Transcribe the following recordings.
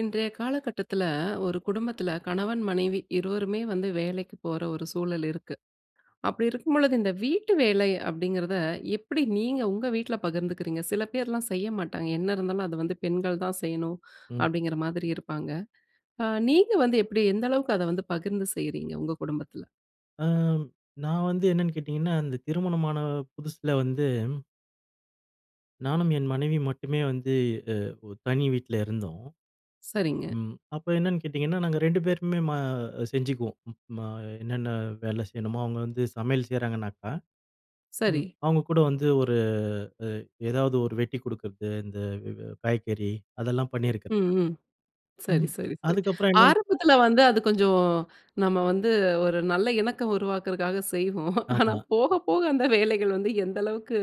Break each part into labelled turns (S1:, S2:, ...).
S1: இன்றைய காலகட்டத்தில ஒரு குடும்பத்தில, கணவன் மனைவி இருவருமே வந்து வேலைக்கு போற ஒரு சூழல் இருக்கு. அப்படி இருக்கும்பொழுது இந்த வீட்டு வேலை அப்படிங்கிறத, எப்படி நீங்க உங்க வீட்ல பகிர்ந்துக்கிறீங்க? சில பேர்லாம் செய்ய மாட்டாங்க, "என்ன இருந்தாலும் அத வந்து பெண்கள் தான் செய்யணும்"
S2: ம்.
S1: அப்படிங்கிற மாதிரி இருப்பாங்க. அ நீங்க வந்து எப்படி? எந்த அளவுக்கு அத வந்து பகிர்ந்து செய்றீங்க, உங்க குடும்பத்தில?
S2: அம், நான் வந்து என்னான்னு கேட்டீங்கன்னா, அந்த திருமணமான புதுசுல வந்து நானும் என் மனைவியும் மட்டுமே வந்து, அ ஒ தனி வீட்ல இருந்தோம்.
S1: சரிங்க.
S2: ம் அப்ப என்னான்னு கேட்டீங்கன்னா, நாங்க 2 பேருமே ம செஞ்சுக்குவோம். ம என்னென்னா வேலை செய்யணுமோ அவுங்க வந்து சமையல் செய்றாங்கனாக்கா, ம்
S1: சரி.
S2: அவுங்க கூட வந்து ஒரு எ எதாவது ஒரு வெட்டி குடுக்குறது, இந்த வெ வெ காய்கறி அதெல்லாம் பண்ணியிருக்கிறேன்.
S1: ம், ம். சரி,
S2: ம்,
S1: சரி, சரி.
S2: அதுக்கப்புறம் என்னான்னு
S1: ஆரம்பத்தில வந்து அது கொஞ்சம் நம்ம வந்து ஒரு நல்ல இணக்கம் உருவாக்குறதுக்காக செய்வோம். ஆனா
S2: ஆமா.
S1: போக போக அந்த வேலைகள் வந்து எந்த அளவுக்கு,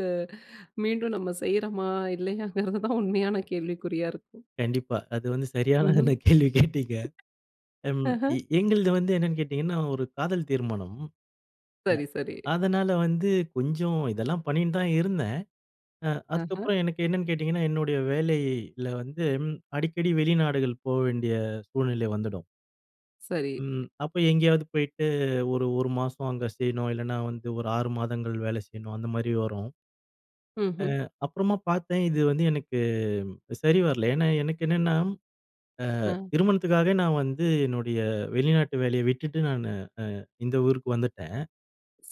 S1: மீண்டும் நம்ம செய்றோமா இல்லையாங்கிறது தான் உண்மையான கேள்விக்குறியா இருக்கும்.
S2: கண்டிப்பா. அது வந்து சரியான
S1: ம்ஹம்.
S2: அந்த கேள்வி கேட்டீங்க. ம்,
S1: ஆஹ!
S2: எ எங்களது வந்து என்னனன்னு கேட்டீங்கன்னா, ஒரு காதல் திருமணம்.
S1: சரி, சரி.
S2: அ, அதனால வந்து, கொஞ்சம் இதெல்லாம் பண்ணின்னு தான் இருந்தேன். அ
S1: ஆஹ!
S2: அதுக்கப்புறம் எனக்கு என்னான்னு கேட்டீங்கன்னா, என்னுடைய வேலையில வந்தும் அடிக்கடி வெளிநாடுகள் போ வேண்டிய சூழ்நிலை வந்துடும்.
S1: சரி.
S2: ம். அப்ப எங்கேயாவது போயிட்டு ஒரு, 1 மாசம் அங்க செய்யணும். இல்லைன்னா, வந்து ஒரு 6 மாதங்கள் வேலை செய்யணும், அந்த மாதிரி வரும். அ,
S1: ம்ஹ்ம்.
S2: அப்புறமா பாத்தேன் இது வந்து எனக்கு சரி வரல. ஏன்னா, எனக்கு என்னென்னா, அ
S1: அ.
S2: திருமணத்துக்காக நான் வந்து என்னுடைய வெளிநாட்டு வேலையை விட்டுட்டு நானு அ இந்த ஊருக்கு வந்துட்டேன்.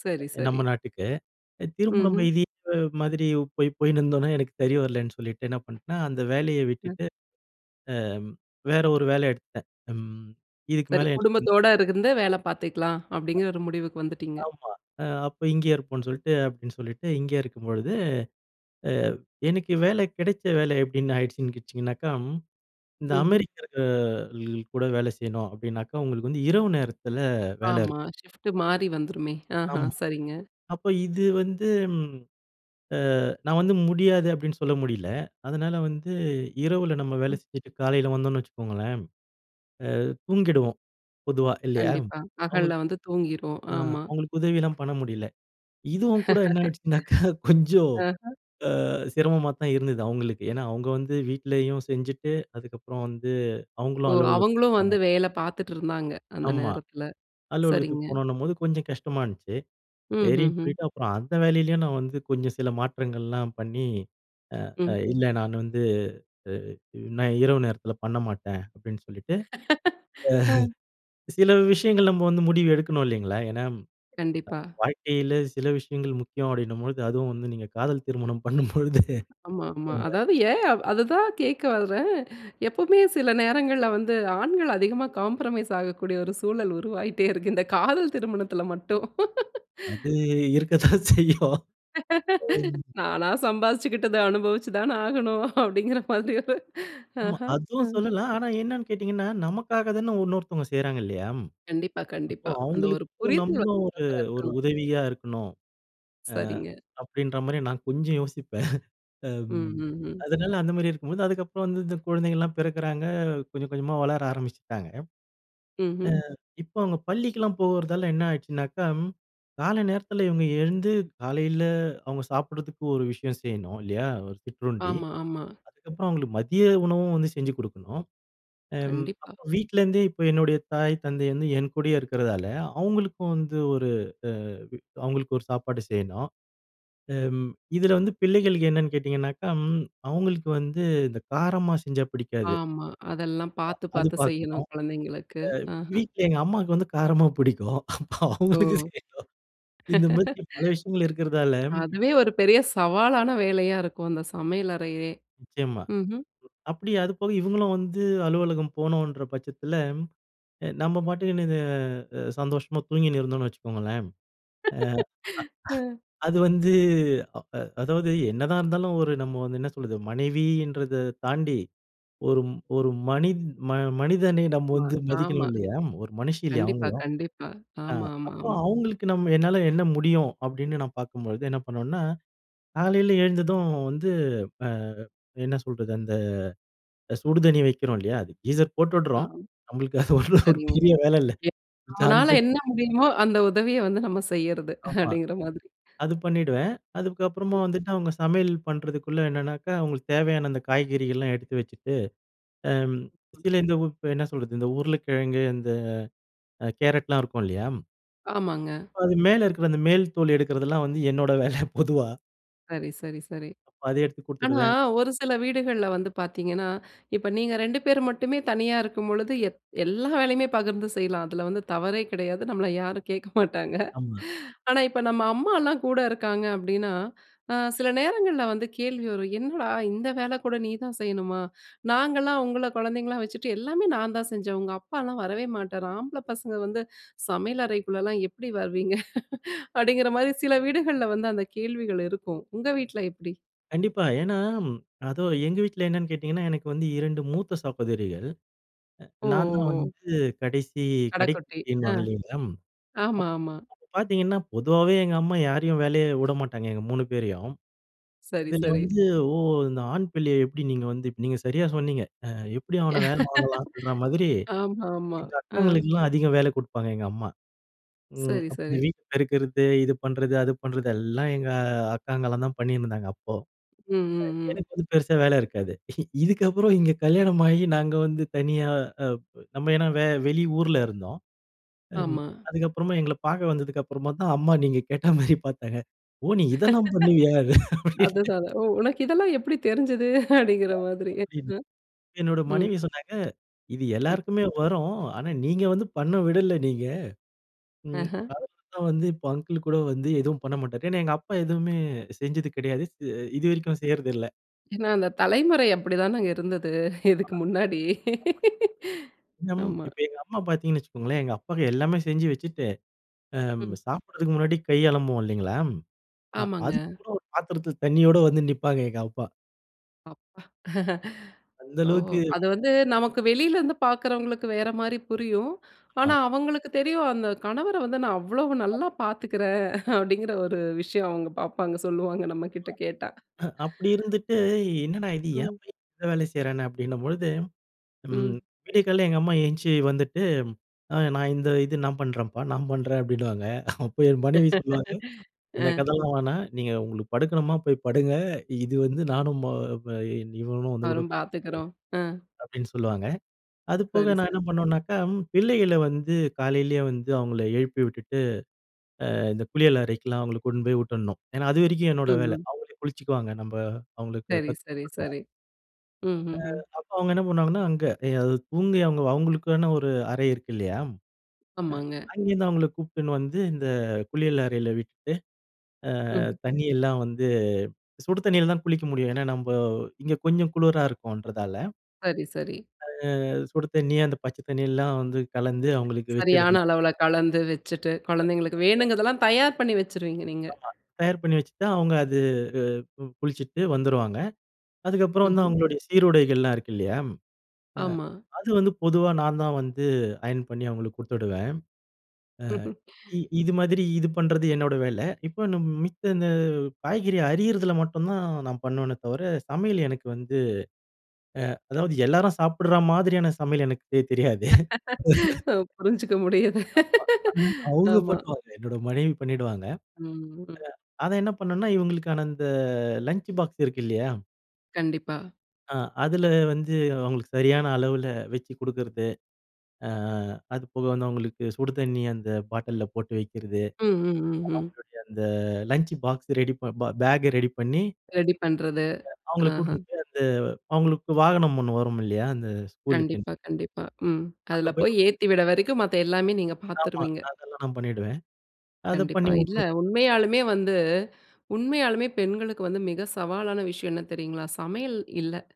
S1: சரி சரி.
S2: நம்ம நாட்டுக்கு. திரும்ப நம்ப
S1: ம்ஹ்ம்.
S2: இதே ப மாதிரி போய் போயினுருந்தோன்னா, எனக்கு சரி வரலன்னு சொல்லிட்டு, என்ன பண்ட்டேன்னா, அந்த வேலைய
S1: அ.
S2: விட்டுட்டு, அ வேற ஒரு வேலை எடுத்துட்டேன். ம் இதுக்கு
S1: சரி.
S2: மேல எனக்கு வந்
S1: குடும்பத்தோட இருந்து வேல பாத்துக்கலாம்.
S2: அ.
S1: அப்படிங்கிற ஒரு முடிவுக்கு வந்துட்டீங்க.
S2: ஆமா. அ அப்ப இங்கேயே இருப்போம்ன்னு சொல்லிட்டு அப்படின்னு சொல்லிட்டு இங்கேயே இருக்கும்பொழுது. அ எனக்கு வேலை கிடைச்ச வேலை எப்படின்னு ஆயிடுச்சுன்னு கேட்ச்சுங்கனாக்கா, இந்த
S1: ம்ஹ்ம்.
S2: அமெரிக்கர்கள் கூட வேலை செய்யணும் அப்படின்னாக்கா, உங்களுக்கு வந்து இரவு நேரத்தில வேல இருக்கும்.
S1: ஆமா. ஷிஃப்ட் மாறி வந்துருமே, ஆஹா!
S2: ஆமா.
S1: சரிங்க.
S2: அப்ப இது வந்து ம் அ நான் வந்து "முடியாது" அப்படின்னு சொல்ல முடியல. அதனால வந்து இரவுல நம்ம வேலை
S1: ம்.
S2: செஞ்சுட்டு காலையில வந்தோன்னு வச்சுக்கோங்களேன். அ தூங்கிடுவோம் பொதுவா இல்லையா?
S1: கண்டிப்பா. பகல்ல
S2: அவுங்களுக்கு
S1: வந்து தூங்கிரும்.
S2: அ
S1: ஆமா.
S2: அவுங்களுக்கு உதவிலாம் பண்ண முடியல. இதுவும் கூட என்னாயிடுச்சுனாக்கா கொஞ்சம்
S1: அஹ.
S2: அ சிரமமாத்தான் இருந்தது அவுங்களுக்கு. ஏன்னா அவுங்க வந்து வீட்லேயும் செஞ்சுட்டு, அதுக்கப்புறம் வந்து
S1: ஓ!
S2: அவுங்களும்
S1: அவுங்களும்
S2: அலுவலகத்துக்கு
S1: வந்து
S2: போணும்.
S1: வேலை பாத்துட்டு இருந்தாங்க. அந்த
S2: ஆமா.
S1: நேரத்தில.
S2: அலுவலகத்துக்கு
S1: சரிங்க.
S2: போணுன்னம்போது கொஞ்சம் கஷ்டமா இருந்துச்சு. சரின்னு
S1: ம்ஹ்ஹும்.
S2: சொல்லிட்டு அப்புறம் அந்த வேலையிலயும் நான் வந்து கொஞ்சம் சில மாற்றங்கள்லாம் பண்ணி, அ அ
S1: ம்.
S2: இல்லை "நான் வந்து அ அ நான் இரவு நேரத்தில பண்ண மாட்டேன்." அப்படின்னு சொல்லிட்டு. அ
S1: ஹ.
S2: சில விஷயங்கள் நம்ம வந்து முடிவு எடுக்கணும் இல்லைங்களா? ஏன்னா, அ
S1: கண்டிப்பா.
S2: வாழ்க்கையில சில விஷயங்கள் முக்கியம் அப்படின்னும்பொழுது, அதுவும் வந்து நீங்க காதல் திருமணம் பண்ணும்பொழுது,
S1: ஆமா. ஆமா.
S2: அ.
S1: அதாவது ஏன்? அதுதான் கேட்க வரேன். எப்பவுமே சில நேரங்கள்ல வந்து, ஆண்கள் அதிகமா காம்ப்ரமைஸ் ஆகக்கூடிய ஒரு சூழல் உருவாயிட்டே இருக்கு. இந்த காதல் திருமணத்தில மட்டும்.
S2: அது இருக்கத்தான் செய்யும்.
S1: "நானா சம்பாரிச்சுக்கிட்டத அனுபவிச்சு தான ஆகணும்" அப்படிங்கிற மாதிரி ஒரு.
S2: ஆமா.
S1: ஹஹ!
S2: அதுவும்
S1: ம்.
S2: சொல்லலாம். ஆனா என்னான்னு கேட்டீங்கன்னா, நமக்காக தான உன்னொருத்தங்க செய்றாங்க இல்லையா?
S1: கண்டிப்பா
S2: அப்போ
S1: கண்டிப்பா. அந்த ஒரு
S2: அவுங்களுக்கும் நம்ம
S1: புரிதல் [unintelligible] அழகா
S2: ஒரு, ஒரு
S1: இருக்கணும்.
S2: உதவியா இருக்கணும். அ
S1: சரிங்க.
S2: அப்படின்ற மாரி நான் கொஞ்சம் யோசிப்பேன்.
S1: ம்.
S2: ம்
S1: ம். ம்.
S2: அதனால அந்த மாரி இருக்கும்போது அதுக்கப்பறம் வந்து இந்த குழந்தைகள்ல்லாம் பிறக்கிறாங்க கொஞ்சம், கொஞ்சமா வளர ஆரம்பிச்சுட்டாங்க. அ
S1: ம்ஹ்ம்.
S2: இப்ப அவுங்க பள்ளிக்கலாம் போகிறதால என்ன ஆயிடுனாச்சுனாக்கா, ம் கால நேரத்தில இவுங்க எழுந்து காலையில அவுங்க சாப்பிடுறதுக்கு ஒரு விஷயம் செய்யணும் இல்லையா? ஒரு சிற்றுண்டி.
S1: ஆமா. ஆமா.
S2: அதுக்கப்பறம் அவுங்களுக்கு மதிய உணவும் வந்து செஞ்சு குடுக்கணும். அம்
S1: கண்டிப்பா.
S2: அப்போ வீட்லேருந்தே இப்ப என்னுடைய தாய் தந்தை வந்து என் கூடயே இருக்கிறதால, அவுங்களுக்கும் வந்து ஒரு அ அவுங்களுக்கு ஒரு சாப்பாடு செய்யணும். ம் இதில வந்து பிள்ளைகளுக்கு என்னென்னு கேட்டீங்கன்னாக்கா, ம் அவுங்களுக்கு வந்து இந்த காரமா செஞ்சா பிடிக்காது.
S1: ஆமா. அதெல்லாம் பாத்து
S2: அ அது
S1: பார்த்து
S2: பாக்கணும்.
S1: செய்யணும் குழந்தைங்களுக்கு.
S2: அ
S1: அஹ.
S2: வீட்ல எங்க அம்மாக்கு வந்து காரமா புடிக்கும்.
S1: ஓ!
S2: அவங்களுக்கு செய்யணும். இந்த மாதிரி பல விஷயங்கள் இருக்கிறதால,
S1: அதுவே ஒரு பெரிய சவாலான வேலையா இருக்கும் அந்த சமையல் அறையவே!
S2: நிச்சயமா.
S1: ம்ஹ்ம்.
S2: அப்படி அது போக இவுங்களும் வந்து அலுவலகம் போனும்ன்ற பட்சத்தில, அ நம்ம பாட்டுன்னு இது அ சந்தோஷமா தூங்கின்னு இருந்தோம்ன்னு வச்சுக்கோங்களேன், அ
S1: அஹ்.
S2: அது வந்து அ அ அதாவது, என்னதான் இருந்தாலும் ஒரு நம்ம வந்து என்ன சொல்றது, மனைவின்றதை தாண்டி, ஒரு ஒரு மனித் ம மனிதனை நம்ப
S1: ஆமா
S2: வந்து மதிக்கணும்
S1: ஆமாங்
S2: இல்லையா? ஒரு மனுஷி இல்லையா
S1: கண்டிப்பா
S2: அவங்களும்?
S1: கண்டிப்பா.
S2: அ
S1: ஆமா ஆமா
S2: அப்ப
S1: ஆமா.
S2: அவுங்களுக்கு நம்ம என்னால என்ன முடியும் அப்படின்னு நான் பாக்கும்பொழுது, என்ன பண்ணோம்னா, காலையில எழுந்ததும் வந்து அ என்ன சொல்றது அந்த சுடுதண்ணி வைக்கிறோம் இல்லையா? அது கீஸர்
S1: ஆ.
S2: போட்டுட்றோம். நம்மளுக்கு அது ஒரு
S1: சரிங்க.
S2: பெரிய வேலை இல்ல.
S1: எ
S2: சுவிட்ச் ஆன்
S1: நம்மனால
S2: ப
S1: என்ன முடியுமோ, அந்த உதவிய வந்து நம்ம செய்யறது,
S2: ஆமா.
S1: அப்படிங்கிற மாதிரி.
S2: அது பண்ணிடுவேன். அதுக்கப்புறமா வந்துட்டு அவுங்க சமையல் பண்ணுறதுக்குள்ளே என்னனாக்கா, அவுங்களுக்கு தேவையான அந்த காய்கறிகள்லாம் எடுத்து வச்சுட்டு, அம்
S1: ம்.
S2: சில இந்த உ என்ன சொல்றது இந்த உருளைக்கிழங்கு, இந்த அ கேரட்லாம் இருக்கும் இல்லையா?
S1: ஆமாங்க.
S2: அது மேல இருக்கிற அந்த மேல் தோல் எடுக்கிறதெல்லாம் வந்து, என்னோட வேல பொதுவா.
S1: சரி, சரி, சரி.
S2: அப்ப அத எடுத்து
S1: ஆனா
S2: குடுத்துவிடுவேன்.
S1: ஒரு சில வீடுகள்ள வந்து பாத்தீங்கன்னா, இப்ப நீங்க 2 பேர் மட்டுமே தனியா இருக்கும்பொழுது எத் எல்லா வேலையுமே பகிர்ந்து செய்யலாம். அதில வந்து தவறே கெடையாது. நம்மள யாரும் கேக்க மாட்டாங்க.
S2: ஆமா.
S1: ஆனா, இப்ப நம்ம அம்மாலாம் கூட இருக்காங்க அப்படின்னா, அ சிலநேரங்கள்ல வந்து கேள்வி வரும். "என்னடா இந்த வேல கூட நீ தான் செய்யணுமா? நாங்கலாம் உங்கள குழந்தைங்களா வச்சுட்டு, எல்லாமே நான் தான் செஞ்சேன். உங்க அப்பாலாம் வரவே மாட்டார். ஆம்பள பசங்க வந்து சமையல் அறைக்குள்ளலாம் எப்டி வருவீங்க?" அப்படிங்கிற மாதிரி சில வீடுகள்ல வந்து அந்த கேள்விகள் இருக்கும். உங்க வீட்டில எப்படி?
S2: கண்டிப்பா. ஏன்னா, அதோ எங்க வீட்ல என்னன்னு கேட்டிங்கன்னா, எனக்கு வந்து 2 மூத்த சகோதரிகள். அ
S1: ஓ,
S2: நான் தான்
S1: ஓ, ஓ.
S2: வந்து கடைசி,
S1: கடக்குட்டி. ஆ,
S2: கடைக்குட்டின்னுவாங்க இல்லங்களா,
S1: ஆமா,
S2: அப்
S1: ஆமா.
S2: அப்ப பாத்தீங்கன்னா, பொதுவாவே எங்க அம்மா யாரையும் வேல உடமாட்டாங்க, எங்க 3 பேரையும்.
S1: சரி,
S2: இதில
S1: சரி.
S2: வந்து "ஓ! இந்த ஆண் பிள்ளைய எப்படி நீங்க வந்து" நீங்க சரியா சொன்னீங்க. அ எப்படி? அவன வேலை வாங்கலாம்ன்ற மாதிரி,
S1: ஆமாமா,
S2: எங்க
S1: ஆ.
S2: அக்காங்களுக்கலாம் அதிக வேலை கொடுப்பாங்க எங்கம்மா. ம்
S1: சரி,
S2: அப்ப இந்த
S1: சரி.
S2: வீடு பெருக்கறது, இது பண்றது அது பண்றது எல்லாம் எங்க அக்காங்கலாம் தான் பண்ணினிருந்தாங்க, அப்போ.
S1: ம், ம், ம்.
S2: எனக்கு வந்து பெருசா வேலை இருக்காது. இதுக்கப்புறம் இங்க கல்யாணம் ஆகி நாங்க வந்து தனியா அ நம்ம ஏன்னா வே வெளி ஊல இருந்தோம். ம்,
S1: ஆமா.
S2: அதுக்கப்புறமா எங்கள்ல பாக்க வந்ததுக்கு அப்புறமா தான் அம்மா, நீங்க கேட்டா மாரி பாத்தாங்க. "ஓ! நீ இதெல்லாம் பண்ணுவியா." அப்பிடின்னு.
S1: அதுதான், "ஓ! உனக்கு இதெல்லாம் எப்படி தெரிஞ்சது?" அப்படிங்கிற
S2: [unintelligible]
S1: மாதிரி.
S2: அப்படின்னு
S1: [unintelligible]
S2: என்னோட
S1: ம்.
S2: மனைவி சொன்னாங்க. இது
S1: ம்.
S2: எல்லாருக்குமே வரும். ஆனா, நீங்க வந்து பண்ண விடல நீங்க. ம்,
S1: ஆஹ.
S2: அது தான் வந்து இப்போ அங்கிள் கூட வந்து எதுவும் பண்ணமாட்டார். ஏன்னா, எங்க அப்பா எதுவுமே செஞ்சது கெடையாது. செ இது வரைக்கும் செய்யறதில்ல.
S1: ஏன்னா, அந்த தலைமுறை அப்டி தானங்க இருந்தது இதுக்கு முன்னாடி.
S2: [unintelligible] நம்
S1: ஆமா.
S2: இப்ப எங்க அம்மா பார்த்தீங்கன்னு வச்சுக்கோங்களேன். எங்க அப்பாக்கு எல்லாமே செஞ்சு வச்சுட்டு அம்
S1: ம்.
S2: சாப்பிடுறதுக்கு முன்னாடி கை அலம்புவோம் இல்லைங்களா? அ
S1: ஆமாங்க.
S2: அதுக்கு கூட ஒரு பாத்திரத்தில தண்ணியோட வந்து நிப்பாங்க எங்க அம்மா.
S1: அப்பா.
S2: அந்த
S1: ஓ!
S2: அளவுக்கு
S1: அது வந்து நமக்கு வெளில இருந்து பார்க்கிறவுங்களுக்கு வேற மாரி புரியும். ஆனா
S2: ஆமா.
S1: அவங்களுக்கு தெரியும், அந்த கணவர வந்து நான் அவ்வளவு நல்லா
S2: [unintelligible]
S1: பார்த்துக்குறேன். அப்டீங்கிற ஒரு விஷயம் அவங்க பார்ப்பாங்க, சொல்வாங்க நம்மகிட்ட கேட்டா.
S2: ஹ அப்டி இருந்துட்டு, என்னடா இது ஏன்
S1: ம்.
S2: பையன் எல்லா வேலையும் செய்றானே அப்படின்னபொழுது, ம்
S1: ம்.
S2: விடிய காலை எங்க அம்மா எந்திச்சி வந்துட்டு, அ நான் இந்த இது நான் பண்றேன்ப்பா, நான் பண்றேன் அப்டீன்னுவாங்க. அப்போ என் மனைவி சொல்லுவாங்க
S1: ஆ.
S2: இந்த கதெல்லாம் வேணாம். நீங்க உங்களுக்கு படுக்கணுமா போய் படுங்க, இது வந்து நானும் ம ப இன் இவனும் வந்து கூட
S1: அவரும் பாத்துக்கிறோம். ஆ.
S2: அப்டீன்னு சொல்லுவாங்க. அது போக
S1: சரி,
S2: நான் என்ன
S1: சரி.
S2: பண்ணுவேன்னாக்க, பிள்ளைகள வந்து காலையிலயே வந்து அவங்கள எழுப்பி விட்டுட்டு, அ இந்த குளியல் அறைக்கெலாம் அவங்கள கூட்டின்னு போய் விட்டுடணும். ஏன்னா அது வரைக்கும்
S1: ம்,
S2: என்னோட வேல.
S1: ம்.
S2: அவங்களே குளிச்சுக்குவாங்க. நம்ப அவங்களுக்கு
S1: சரி,
S2: கத்து
S1: சரி,
S2: கொடுத்துட்டோம்.
S1: சரி.
S2: அ
S1: ம்ஹ்ஹும்.
S2: அப்போ அவங்க என்ன பண்ணுவாங்கன்னா, அங்க. எ அது தூங்கி, அவங்க அவங்களுக்கான ஒரு அறை இருக்கு இல்லையா? அ
S1: ஆமாங்க.
S2: அங்கேருந்து அவங்கள கூப்ட்டுன்னு வந்து இந்த குளியல் அறையில விட்டுட்டு, அ
S1: ம்ஹ்.
S2: தண்ணியெல்லாம் வந்து சுடு தண்ணில தான் குளிக்க முடியும். ஏன்னா, நம்ம இங்க கொஞ்சம் குளிரா இருக்கும்ன்றதால.
S1: சரி, சரி.
S2: அ அது சுடு தண்ணி, அந்த பச்சதண்ணியெல்லாம் வந்து கலந்து அவங்களுக்கு
S1: சரியான
S2: வெச்சுடணும்.
S1: அளவுல கலந்து வச்சுட்டு, குழந்தைங்களுக்கு
S2: [unintelligible]
S1: வேணுங்கிறதெல்லாம் தயார் பண்ணி வச்சுருவீங்க, நீங்க!
S2: ஆமா. தயார் பண்ணி வச்சுட்டா, அவுங்க அது அ குளிச்சுட்டு வந்துருவாங்க. அதுக்கப்புறம் வந்து
S1: ம்ஹ்ம்.
S2: அவங்களுடைய சீருடைகள் எல்லாம் இருக்கு இல்லையா? அ
S1: ஆமா.
S2: அது வந்து பொதுவா நான் தான் வந்து அயன் பண்ணி அவங்களுக்கு குடுத்துடுவேன். அ இ இது மாதிரி இது பண்றது என்னோட வேல. இப்ப நம் மித்த இந்த காய்கறி அரியதுல மட்டும் தான் நான் பண்ணுவேனே தவிர, சமையல் எனக்கு வந்து அ அதாவது எல்லாரும் சாப்பிடுற மாதிரியான சமையல் எனக்கு தெ தெரியாது.
S1: அ, புரிஞ்சுக்க முடியுது,
S2: ஆமா. ம். அவுங்க
S1: ஆமா.
S2: பண்ணுவாங்க. என்னோட மனைவி பண்ணிடுவாங்க.
S1: ம்.
S2: அ அத என்ன பண்ணேண்ணா, இவங்களுக்கான அந்த லஞ்ச் பாக்ஸ் இருக்கு இல்லயா?
S1: கண்டிப்பா.
S2: அ அதில வந்து அவங்களுக்கு சரியான, அளவுள வச்சு குடுக்குறது. அ அதுபோக வந்து அவங்களுக்கு சுடுதண்ணி அந்த பாட்டில்ல போட்டு வைக்கிறது.
S1: ம், ம், ம், ம்.
S2: அவங்களுடைய அந்த லஞ்ச் பாக்ஸ் ரெடி ப பேக்கை ரெடி பண்ணி
S1: ரெடி பண்றது
S2: அ, அவுங்கள
S1: ஆஹ.
S2: கூட்டினு போய் அந்த அவுங்களுக்கு வாகனம் ஒண்ணு வருமில்லையா, அந்த ஸ்கூலுக்கு?
S1: கண்டிப்பா, கண்டிப்பா. ம்.
S2: அங்க
S1: அதில
S2: போய்
S1: போய்
S2: [unintelligible]
S1: ஏத்திவிட்ற வரைக்கும் மத்த எல்லாமே நீங்க
S2: ஆமா,
S1: பார்த்துருவீங்க.
S2: அதெல்லாம் நான் பண்ணிடுவேன். அத
S1: கண்டிப்பா.
S2: பண்ணி
S1: இல்ல
S2: [unintelligible]
S1: உண்மையாலுமே வந்து, உண்மையாலுமே பெண்களுக்கு வந்து மிக சவாலான விஷயம் என்ன தெரியுங்களா? சமையல் இல்ல.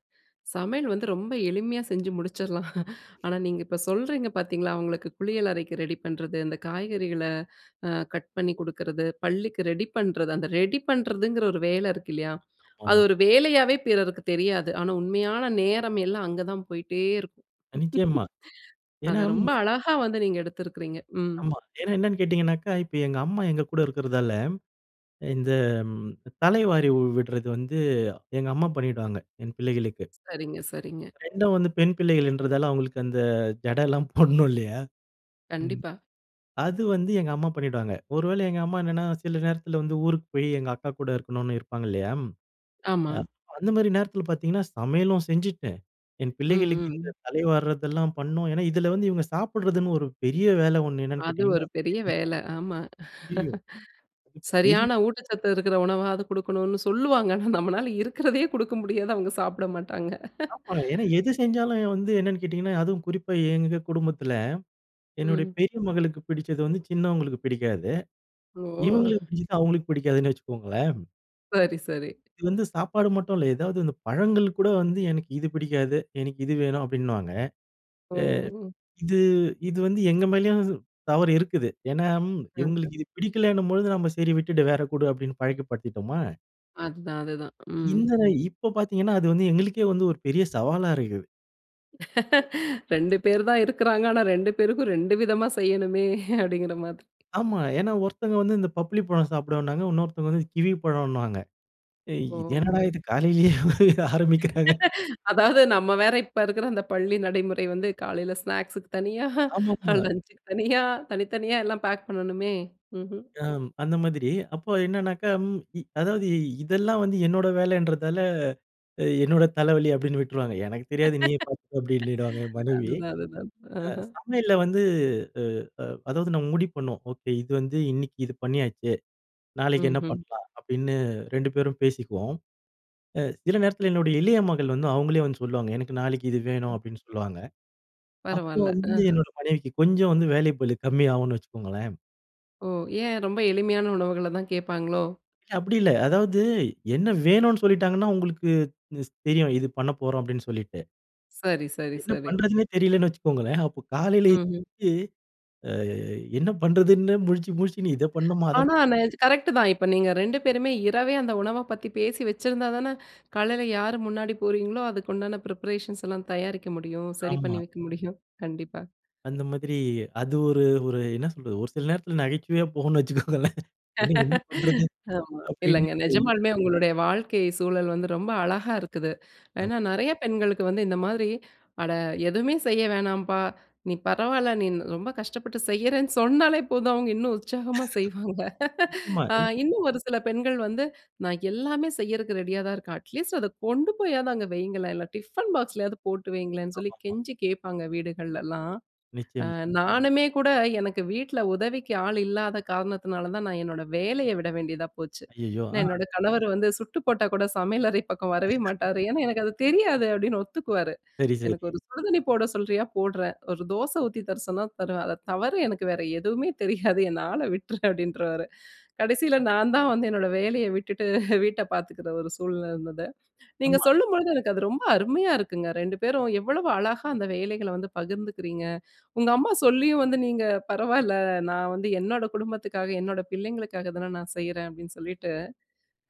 S1: சமையல் வந்து ரொம்ப எளிமையா செஞ்சு முடிச்சிடலாம். ஆனா, நீங்க இப்ப சொல்றீங்க பாத்தீங்களா, அவங்களுக்கு குளியல் அறைக்கு ரெடி பண்ணுறது, இந்த காய்கறிகள அ கட் பண்ணி குடுக்குறது, பள்ளிக்கு ரெடி பண்ணுறது, அந்த ரெடி பண்ணுறதுங்கிற ஒரு வேல இருக்கு இல்லையா? அது
S2: ஆமா.
S1: ஒரு வேலையாவே பிறருக்கு தெரியாது. ஆனா, உண்மையான நேரம் எல்லாம் அங்கதான் போயிட்டே இருக்கும்.
S2: அ நிச்சயமா!
S1: அத
S2: ஏன்னா,
S1: ரொம்ப அழகா வந்து நீங்க எடுத்திருக்கிறீங்க. ம்.
S2: ஆமா. ஏன்னா என்னன்னு கேட்டீங்கன்னாக்க. இப்ப எங்க அம்மா எங்க கூட இருக்கிறதால இந்த தல வாரி விட்றது வந்து எங்கம்மா பண்ணிடுவாங்க, என் பிள்ளைகளுக்கு.
S1: சரிங்க, சரிங்க.
S2: 2 வந்து பெண் பிள்ளைகள்ன்றதால அவகளுக்கு அந்த ஜடைல்லாம் போடணும்ல்லையா. ம்.
S1: கண்டிப்பா.
S2: அது வந்து எங்க அம்மா பண்ணிடுவாங்க. ஒரு வேளை எங்க அம்மா என்னன்னா சில நேரத்தில வந்து ஊருக்கு போய் எங்க அக்கா கூட இருக்கணும்னு இருப்பாங்க இல்லையா. அ
S1: ஆமா.
S2: அந்த மாரி நேரத்தில பாத்தீங்கன்னா, சமையலும் செஞ்சிட்டு, என்
S1: ம்,
S2: பிள்ளைகளுக்கு இந்த
S1: ம்.
S2: தலைவார்றதெல்லாம் பண்ணணும். ஏன்னா இதில வந்து இவுங்க சாப்பிட்றதுன்னு ஒரு பெரிய வேலை ஒண்ணு என்னன்னு
S1: அது
S2: கேட்டீங்கன்னா,
S1: ஒரு பெரிய
S2: [unintelligible]
S1: வேல. ஆமா.
S2: ஐயயோ! அது பெரி
S1: சரியான ஊட்டச்சத்து இருக்கிற உணவாவது குடுக்கணும்னு சொல்லுவாங்க. ஆனா, நம்பளல இருக்கிறதையே குடுக்க முடியாது. அவுங்க சாப்பிட மாட்டாங்க.
S2: ஆமா, ஏன்னா எது செஞ்சாலும் வந்து என்னன்னு கேட்டீங்கன்னா, அதுவும் குறிப்பா எங்க குடும்பத்தில, என்னுடைய
S1: ம்.
S2: பெரிய மகளுக்கு பிடிச்சது வந்து, சின்னவங்களுக்கு பிடிக்காது.
S1: ஓஹ்!
S2: இவங்களுக்கு பிடிச்சது, அவர்களுக்கு பிடிக்காதுன்னு வச்சுக்கோங்களேன்.
S1: சரி, சரி.
S2: இது வந்து சாப்பாடு மட்டும் இல்ல. எதாவது இந்தப் பழங்கள்கூட வந்து "எனக்கு இது பிடிக்காது, எனக்கு இது வேணும்" அப்பிடின்னுவாங்க. அ
S1: ஓ!
S2: இது, இது வந்து எங்க மேலயும் தவறு இருக்குது. ஏன்னா ம்,
S1: அஹம்!
S2: இவுங்களுக்கு இது பிடிக்கலேணும்பொழுது நம்ம, "சரி, விட்டுடு வேற குடு" அப்பிடின்னு பழக்கிப்படுத்திட்டோமா,
S1: அதுதான், அதுதான். ம்.
S2: இந்தத, இப்ப பார்த்தீங்கன்னா, அது வந்து எங்களுக்கே வந்து ஒரு பெரிய சவாலா இருக்கு.
S1: 2 பேர்தான் இருக்குறாங்க. ஆனா, 2 பேருக்கும் 2 விதமா செய்யணுமே அப்பிடிங்கிறமாரி.
S2: ஆமா. ஏன்னா, ஒருத்தங்க வந்து இந்த "பப்ளி பழம்" சாப்பிடுவேன்னாங்க, இன்னொருத்தங்க வந்து "கிவி பழம்ன்னுவாங்க." ஏய் இது
S1: ஓ!
S2: என்னடா? இது காலையிலயே ஆரம்பிக்கிறாங்க.
S1: அதாவது, நம்ம வேற இப்ப இருக்குற அந்த பள்ளி நடைமுறை வந்து, காலையில ஸ்நாக்ஸ்க்கு தனியா,
S2: ஆமாமா.
S1: லஞ்சுக்கு தனியா. தனித்தனியா எல்லாம் பேக் பண்ணணுமே! ம்ஹ்ம்.
S2: அம், அந்த மாதிரி. அப்ப என்னன்னாக்க ம் இ அதாவது இதெல்லாம் வந்து என்னோட வேலன்றதால, அ என்னோட தலைவலி அப்பிடின்னு விட்டுருவாங்க. "எனக்கு தெரியாது, நீயே பார்த்துக்கோ!" அப்பிடினிடுவாங்க என் மனைவி.
S1: அதுதான், அதுதான்.
S2: அ
S1: ஆஹம்.
S2: சமையல்ல வந்து அ அ அதாவது நம்ம முடிவு பண்ணுவோம். ஓகே, இது வந்து இன்னிக்கு இது பண்ணியாச்சு. நாளைக்கி என்ன
S1: ம்ஹ்ம்.
S2: பண்ணலாம்? அப்பிடின்னு, 2 பேரும் பேசிக்குவோம். அ சில நேரத்தில என்னுடைய இளைய மகள் வந்து அவுங்களே வந்து சொல்லுவாங்க, "எனக்கு நாளைக்கி இது வேணும்."
S1: ம்.
S2: அப்பிடின்னு சொல்லுவாங்க. அப்போ
S1: பரவால்ல.
S2: வந்து,
S1: ஆஹ்ம்.
S2: என்னோட மனைவிக்கு கொஞ்சம் வந்து வேலைப்பளு கம்மி ஆவுன்னு வச்சுக்கோங்களேன்.
S1: ஓ, ஏன் ரொம்ப எளிமையான உணவுகள தான் கேப்பாங்களோ?
S2: இல்ல அப்டி இல்ல. அதாவது என்ன வேணுனு சொல்லிட்டாங்கன்னா, உங்களுக்கு ஸ் தெரியும் இது பண்ணப்போறோம் அப்டின்னு சொல்லிட்டு.
S1: சரி, சரி,
S2: என்ன
S1: சரி.
S2: பண்றதுன்னே தெரியலன்னு வச்சுக்கோங்களேன். அப்போ காலையிலயே
S1: ம்ஹ்ம்.
S2: அ என்ன பண்றதுன்னு முழிச்சி முழிச்சு நீ இத பண்ணுமா, அத
S1: ஆனா நெஜ கரெக்ட் தான். இப்ப நீங்க 2 பேருமே, இரவே அந்த உணவ பத்தி பேசி வச்சிருந்தா தானே காலைல யாரு முன்னாடி போறீங்களோ, அதுக்கு உண்டான பிரிபரேஷன்ஸ்லாம் தயாரிக்க முடியும். சரி
S2: ஆமா.
S1: பண்ணி வைக்க முடியும். கண்டிப்பா.
S2: அந்த மாதிரி அது ஒரு, ஒரு என்ன சொல்றது ஒரு சில நேரத்துல நகைச்சுவையா போகும்னு வச்சுக்கோங்களேன். இன்னைக்கு என்ன பண்றது?
S1: ஆமா.
S2: அப்டின்னு
S1: இல்லங்க
S2: [unintelligible]
S1: நெஜமாலுமே உங்களுடைய வாழ்க்கை சூழல் வந்து ரொம்ப அழகா இருக்குது.
S2: அம்.
S1: ஏன்னா, நெறைய பெண்களுக்கு வந்து இந்த மாரி, அட எதுவுமே செய்ய வேணாம்ப்பா, நீ பரவால்ல நீ ரொம்ப கஷ்டப்பட்டு செய்யறேன்னு சொன்னாலே போதும், அவங்க இன்னும் உற்சாகமா செய்வாங்க.
S2: ஆமா
S1: அ
S2: இப்
S1: இன்னும் ஒரு சில பெண்கள் வந்து நான் எல்லாமே செய்யறதுக்கு ரெடியா தான் இருக்கன். அட்லீஸ்ட் அத கொண்டு போயாது அங்க வையுங்களேன் இல்ல டிஃபன் பாக்ஸ்லயாவது போட்டு வையுங்களேன்ன்னு சொல்லி
S2: ஆமாமா.
S1: கெஞ்சி கேப்பாங்க வீடுகள்லலாம். அ
S2: நிச்சியமா.
S1: நானுமே கூட எனக்கு வீட்ல உதவிக்கு ஆள் இல்லாத காரணத்துனால தான் நான் என்னோட வேலையை விட வேண்டியதா போச்சு.
S2: ஐய்யயோ!
S1: நான்
S2: ஆ.
S1: என்னோட கணவர் வந்து சுட்டு போட்டா கூட சமையல் அறை பக்கம் வரவே மாட்டாரு. "ஏன்னா எனக்கு அது தெரியாது." அப்டின்னு ஒத்துக்குவாரு.
S2: சரி, சரி.
S1: "எனக்கு ஒரு சுடுதண்ணி போட சொல்றியா போடுறேன். ஒரு தோசை ஊத்தி தர சொன்னா தருவேன். அத தவர எனக்கு வேற எதுவுமே தெரியாது, என்ன ஆள விட்ரு!" அப்டின்றுவாரு. கடைசியில நான்தான் வந்து என்னோட வேலையை விட்டுட்டு வீட்டை பார்த்துக்குற ஒரு சூழ்நிலை இருந்தது. நீங்க
S2: ஆமா.
S1: சொல்லும்பொழுது எனக்கு அது ரொம்ப அருமையா இருக்குங்க. 2 பேரும் எவ்வளவு அழகா அந்த வேலைகள வந்து பகிர்ந்துக்கிறீங்க. உங்க அம்மா சொல்லியும் வந்து நீங்க "பரவால்ல நான் வந்து என்னோட குடும்பத்துக்காக, என்னோட பிள்ளைங்களுக்காக தானே நான் செய்யறேன்." அப்டின்னு சொல்லிட்டு.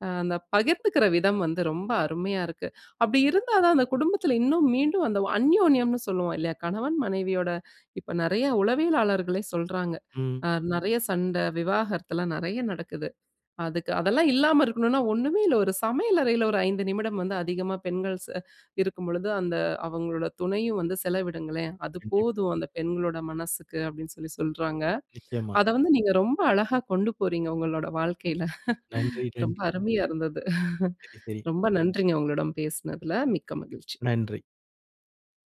S1: அ அந்த பகிர்ந்துக்கிற விதம் வந்து ரொம்ப அருமையா இருக்கு. அப்டி இருந்தா தான் அந்த குடும்பத்துல இன்னும் மீண்டும் அந்த வ அன்யோன்யம்னு சொல்லுவோம் இல்லையா கணவன் மனைவியோட இப்ப நெறைய உளவியலாளர்களே சொல்றாங்க.
S2: ம்.
S1: அ நெறைய சண்ட விவாகரத்தலாம் நெறைய நடக்குது. அதுக்கு அதெல்லாம் இல்லாம இருக்கணும்னா ஒண்ணுமே இல்ல, ஒரு சமையல் அறையில ஒரு 5 நிமிடம் வந்து அதிகமா பெண்கள் ச இருக்கும்பொழுது, அந்த அவங்களோட துணையும் வந்து செலவிடுங்களேன், அது
S2: கண்டிப்
S1: போதும். அந்த பெண்களோட மனசுக்கு அப்டின்னு சொல்லி சொல்றாங்க.
S2: நிச்சியமா.
S1: அத வந்து நீங்க ரொம்ப அழகா கொண்டு போறீங்க உங்களோட வாழ்க்கையில!
S2: நன்றி,
S1: ரொம்ப
S2: நன்றி.
S1: அருமையா இருந்துது,
S2: சரி, சரி.
S1: ரொம்ப நன்றிங்க உங்களிடம் பேசுனதுல. மிக்க மகிழ்ச்சி.
S2: நன்றி.